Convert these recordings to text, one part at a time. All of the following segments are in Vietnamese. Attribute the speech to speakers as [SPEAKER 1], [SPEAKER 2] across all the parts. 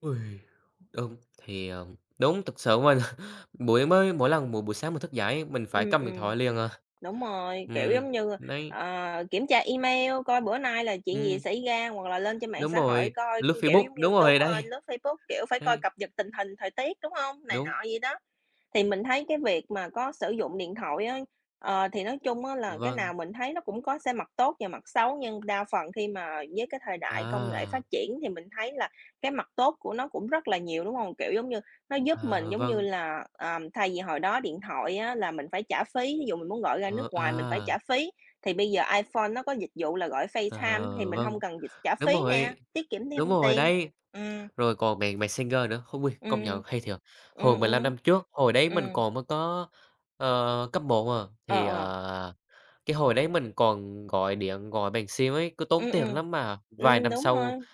[SPEAKER 1] Ôi! Đúng, thì, ờ đúng, thực sự mình, buổi mới mỗi lần buổi buổi sáng mình thức dậy, mình phải
[SPEAKER 2] Ừm,
[SPEAKER 1] cầm điện
[SPEAKER 2] ừm.
[SPEAKER 1] thoại liền à.
[SPEAKER 2] Đúng rồi, kiểu
[SPEAKER 1] Ừm,
[SPEAKER 2] giống như,
[SPEAKER 1] đấy.
[SPEAKER 2] ờ, kiểm tra email coi bữa nay là chuyện gì
[SPEAKER 1] Ừm.
[SPEAKER 2] xảy ra hoặc là lên trên mạng
[SPEAKER 1] Đúng
[SPEAKER 2] xã hội
[SPEAKER 1] rồi,
[SPEAKER 2] coi,
[SPEAKER 1] lướt
[SPEAKER 2] kiểu
[SPEAKER 1] Facebook,
[SPEAKER 2] giống
[SPEAKER 1] đúng
[SPEAKER 2] như
[SPEAKER 1] rồi
[SPEAKER 2] đúng rồi,
[SPEAKER 1] đấy.
[SPEAKER 2] lướt Facebook, kiểu, phải coi
[SPEAKER 1] Đấy.
[SPEAKER 2] cập nhật tình hình thời tiết, đúng hông? Này
[SPEAKER 1] Đúng.
[SPEAKER 2] nọ vậy đó. Thì mình thấy cái việc mà có sử dụng điện thoại á, ờ, thì nói chung á là cái
[SPEAKER 1] Vâng.
[SPEAKER 2] nào mình thấy nó cũng có xe mặt tốt và mặt xấu nhưng đa phần khi mà với cái thời đại công nghệ phát
[SPEAKER 1] À!
[SPEAKER 2] triển thì mình thấy là cái mặt tốt của nó cũng rất là nhiều, đúng hông? Kiểu giống như, nó giúp mình
[SPEAKER 1] Ờ,
[SPEAKER 2] giống như
[SPEAKER 1] vâng.
[SPEAKER 2] là, ờ, thay vì hồi đó điện thoại á là mình phải trả phí, ví dụ mình muốn gọi ra nước
[SPEAKER 1] Ờ,
[SPEAKER 2] ngoài mình phải
[SPEAKER 1] à.
[SPEAKER 2] trả phí, thì bây giờ iPhone nó có dịch vụ là gọi Facetime thì
[SPEAKER 1] Ờ,
[SPEAKER 2] mình
[SPEAKER 1] vâng,
[SPEAKER 2] hông cần dịch trả
[SPEAKER 1] đúng
[SPEAKER 2] phí nè,
[SPEAKER 1] rồi,
[SPEAKER 2] tiết kiệm
[SPEAKER 1] đúng
[SPEAKER 2] thêm
[SPEAKER 1] rồi
[SPEAKER 2] tiền,
[SPEAKER 1] đấy,
[SPEAKER 2] ừm.
[SPEAKER 1] rồi còn mẹt Messenger nữa. Khôi công nhận
[SPEAKER 2] Ừm.
[SPEAKER 1] hay thiệt!
[SPEAKER 2] Ừm,
[SPEAKER 1] Hồi 15
[SPEAKER 2] ừm.
[SPEAKER 1] năm trước, hồi đấy mình
[SPEAKER 2] Ừm.
[SPEAKER 1] còn mới có, ờ, cấp 1, ờ,
[SPEAKER 2] Ờ,
[SPEAKER 1] thì,
[SPEAKER 2] ờ.
[SPEAKER 1] ờ, cái hồi đấy mình còn gọi điện gọi bằng sim ấy, cứ tốn
[SPEAKER 2] Ừm,
[SPEAKER 1] tiền
[SPEAKER 2] ừm.
[SPEAKER 1] lắm mà vài
[SPEAKER 2] Ừm,
[SPEAKER 1] năm
[SPEAKER 2] đúng
[SPEAKER 1] sau,
[SPEAKER 2] rồi.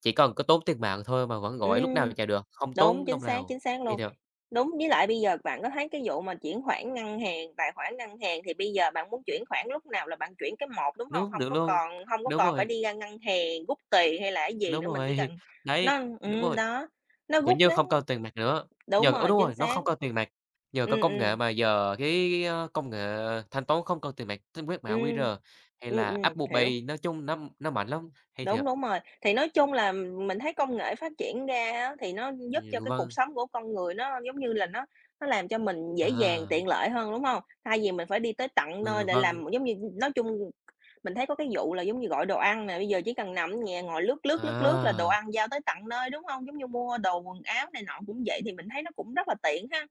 [SPEAKER 1] chỉ cần có tốn tiền mạng thôi mà vẫn gọi lúc nào
[SPEAKER 2] Ừm,
[SPEAKER 1] chả được, không
[SPEAKER 2] đúng,
[SPEAKER 1] tốn
[SPEAKER 2] chính
[SPEAKER 1] đồng
[SPEAKER 2] xác,
[SPEAKER 1] nào,
[SPEAKER 2] chính xác
[SPEAKER 1] hay
[SPEAKER 2] luôn.
[SPEAKER 1] thiệt!
[SPEAKER 2] Đúng, với lại bây giờ bạn có thấy cái vụ mà chuyển khoản ngân hàng, tài khoản ngân hàng, thì bây giờ bạn muốn chuyển khoản lúc nào là bạn chuyển cái một, đúng hông?
[SPEAKER 1] Đúng,
[SPEAKER 2] Hông
[SPEAKER 1] được
[SPEAKER 2] có
[SPEAKER 1] luôn,
[SPEAKER 2] còn hông có
[SPEAKER 1] đúng
[SPEAKER 2] còn phải
[SPEAKER 1] rồi.
[SPEAKER 2] đi ra ngân hàng rút tiền hay là cái gì
[SPEAKER 1] Đúng
[SPEAKER 2] nữa, mình chỉ
[SPEAKER 1] rồi,
[SPEAKER 2] cần
[SPEAKER 1] đấy,
[SPEAKER 2] nó
[SPEAKER 1] đúng
[SPEAKER 2] ừm,
[SPEAKER 1] rồi.
[SPEAKER 2] đó, nó
[SPEAKER 1] Kiểu
[SPEAKER 2] rút
[SPEAKER 1] như,
[SPEAKER 2] ngắn
[SPEAKER 1] không cần tiền mặt nữa,
[SPEAKER 2] đúng
[SPEAKER 1] nhờ ô,
[SPEAKER 2] rồi,
[SPEAKER 1] đúng
[SPEAKER 2] chính
[SPEAKER 1] rồi, nó
[SPEAKER 2] xác.
[SPEAKER 1] không cần tiền mặt, nhờ có
[SPEAKER 2] Ừm,
[SPEAKER 1] công
[SPEAKER 2] ừm.
[SPEAKER 1] nghệ mà giờ cái cái cái công nghệ thanh toán không cần tiền mặt. Tính quét mã
[SPEAKER 2] Ừm.
[SPEAKER 1] QR hay
[SPEAKER 2] Ừm,
[SPEAKER 1] là
[SPEAKER 2] ừm,
[SPEAKER 1] Apple
[SPEAKER 2] hiểu.
[SPEAKER 1] Pay, nói chung nó nó mạnh lắm, hay
[SPEAKER 2] Đúng,
[SPEAKER 1] thiệt!
[SPEAKER 2] đúng rồi, thì nói chung là mình thấy công nghệ phát triển ra á, thì nó giúp cho
[SPEAKER 1] Ừm,
[SPEAKER 2] cái cuộc
[SPEAKER 1] vâng.
[SPEAKER 2] sống của con người nó, giống như là, nó nó làm cho mình dễ dàng,
[SPEAKER 1] À.
[SPEAKER 2] tiện lợi hơn, đúng hông? Thay vì mình phải đi tới tận nơi
[SPEAKER 1] Ừ,
[SPEAKER 2] để
[SPEAKER 1] vâng.
[SPEAKER 2] làm, giống như nói chung mình thấy có cái vụ là giống như gọi đồ ăn nè, bây giờ chỉ cần nằm ở nhà ngồi lướt lướt, lướt lướt là đồ
[SPEAKER 1] À!
[SPEAKER 2] ăn giao tới tận nơi, đúng hông? Giống như mua đồ quần áo này nọ cũng vậy, thì mình thấy nó cũng rất là tiện ha.